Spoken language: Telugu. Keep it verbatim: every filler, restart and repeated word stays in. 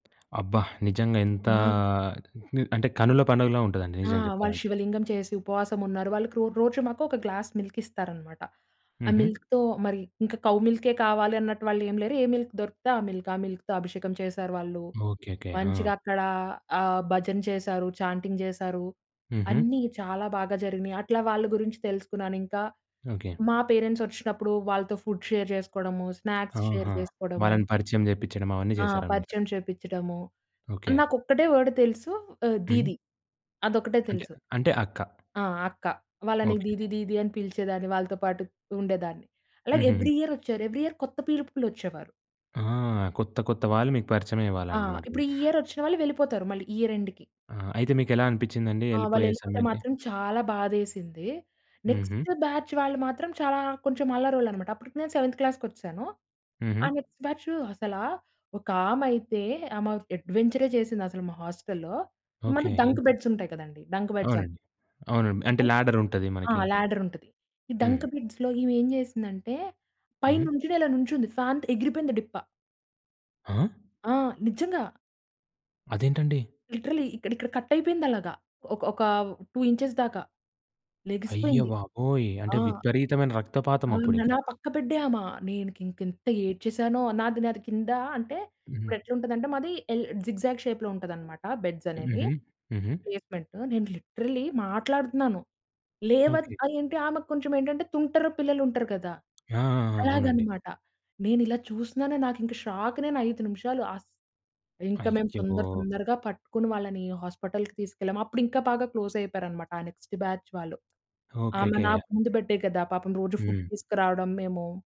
అబ్బా! నిజంగా ఎంతా ఆ! ని అంటే కనుల పండుగలా ఉంటదండి ఆ! నిజంగ వాళ్ళు జెప్పాలంటే. శివలింగం చేసి ఉపవాసం ఉన్నారు. వాళ్ళకి రో రోజు మాకు ఒక గ్లాస్ మిల్క్ ఇస్తారనమాట. ఆ హుహు. మిల్క్‌తో మరి ఇంక కౌ మిల్కే కావాలి అన్నట్టు వాళ్ళు ఏం లేరు. ఏ మిల్క్ దొరికితే ఆ మిల్క్. ఆ మిల్క్‌తో అభిషేకం చేశారు వాళ్ళు. ఓకేకే. మంచిగా ఆ! అక్కడ ఆహ్, భజన చేశారు. చాంటింగ్ జేశారు. హుహు. అన్నీ చాలా బాగా జరిగినయి. అట్లా వాళ్ళు గురించి తెలుసుకున్నాను ఇంక. ఓకే. మా పేరెంట్స్ వచ్చినప్పుడు వాళ్ళతో ఫుడ్ షేర్ చేసుకోడము. స్నాక్స్ షేర్ ఆహా! చేసుకోడము. వాళ్ళని పరిచయం జేపిచ్చడం అవన్నీ ఆ! జేశారన్నమాట. పరిచయం చేపిచ్చడము. ఓకే. నాకొక్కటే వర్డ్ తెలుసు ఆహ్, హ్మ్. దీదీ. అదొక్కటే అంటే, తెలుసు. అంటే అక్క. ఆ! అక్క. వాళ్ళని ఓకే. దీదీ దీదీ అని పిలిచేదాన్ని. వాళ్ళతో పాటు ఉండేదాన్ని. అలాగే హుహుహు. ఎవ్రీ ఇయర్ వచ్చారు. ఎవ్రి ఇయర్ కొత్త పీపుల్ ఒచ్చేవారు. ఆ! కొత్త కొత్త వాళ్ళు మీకు ఆ! పరిచయమయ్యేవాళ్ళన్నమాట మీ ఇప్పుడు ఈ ఇయర్ వచ్చిన వాళ్ళు వెళ్ళిపోతారు మళ్ళీ ఇయర్ ఎండ్‌కి. ఆ! అయితే మీకెలా అనిపిచ్చిందండి ఆ! యెళ్ళిపోయే వాళ్ళెళ్ళిపోతే సమయానికి? మాత్రం చాలా బాధేసింది. హుహు. నెక్స్ట్ బ్యాచ్ వాళ్ళు మాత్రం చాలా కొంచెం అల్లరోళ్ళన్నమాట అప్పటికి నేను సెవెంత్ క్లాస్‌కొచ్చేశాను. ఆ హుహు. నెక్స్ట్ బ్యాచు అసలా ఒకామయితే ఆమె అడ్వెంచరే జేసింది అసలు మా హాస్టల్‌లో. ఈ మధ్య ఓకే. డంక్ బెడ్స్ ఉంటాయి కదండీ! డంక్ బెడ్స్ అని. అవునండి. అవునండి. అంటే ల్యాడర్ ఉంటది ఆ! మనకి. ల్యాడర్ ఉంటది. ఈ హ్మ్. డంక్ బెడ్స్‌లో ఈమె ఏం జేసిందంటే పైన హ్మ్. నుంచొని ఇలా నుంచుంది, ఫ్యాన్‌కి ఎగిరిపోయింది డిప్ప. ఆ! ఆ! నిజ్జంగా. అదేంటండి? లిటరల్లీ ఇక్కడ, ఇక్కడ కట్ అయిపోయింది అలగా. ఒక, ఒకా టూ ఇంచెస్ దాకా, అయ్య లెగిసిపోయింది. బాబోయ్! ఆ! అంటే విపరీతమైన రక్తపాతం అవును. అప్పుడింకా. నా పక్క బెడ్డే ఆమె. నేను కి ఇంకెంత ఏడ్చేసానో. నాది, నాది కింద అంటే హుహు. ఇప్పుడెట్లుంటదంటే మాది ఎల్ జిగ్‌జాగ్ షేప్‌లో ఉంటదన్నమాట బెడ్స్ అనేవి హుహు. హుహు. ప్లేస్‌మెంట్. నేను లిటరల్లీ మాట్లాడుతున్నాను. లేవద్ ఓకే. ఆ! ఏంటి? ఆమెకు కొంచెం ఏంటంటే తుంటరు పిల్లలుంటరు గదా! ఆ! ఆ! ఆ! అవునండి. అలాగనమాట. నేనిలా చూసినాను నాకింక షాక్ నేను ఐదు నిమిషాలు అస్ ఇంక మేం అయ్యో! తొందర తొందరగా పట్టుకొని వాళ్ళని హాస్పటల్‌కి తీసుకెళ్ళాం. అప్పుడు ఇంకా బాగా క్లోస్ అయిపోయారన్నమాట ఆ నెక్స్ట్ బ్యాచ్ వాళ్ళు. ఆమె ఓకేకే. నాకు ముందు బెడ్డే గదా! పాపం రోజు ఫుడ్ హ్మ్. తీసుకురావడం మేము.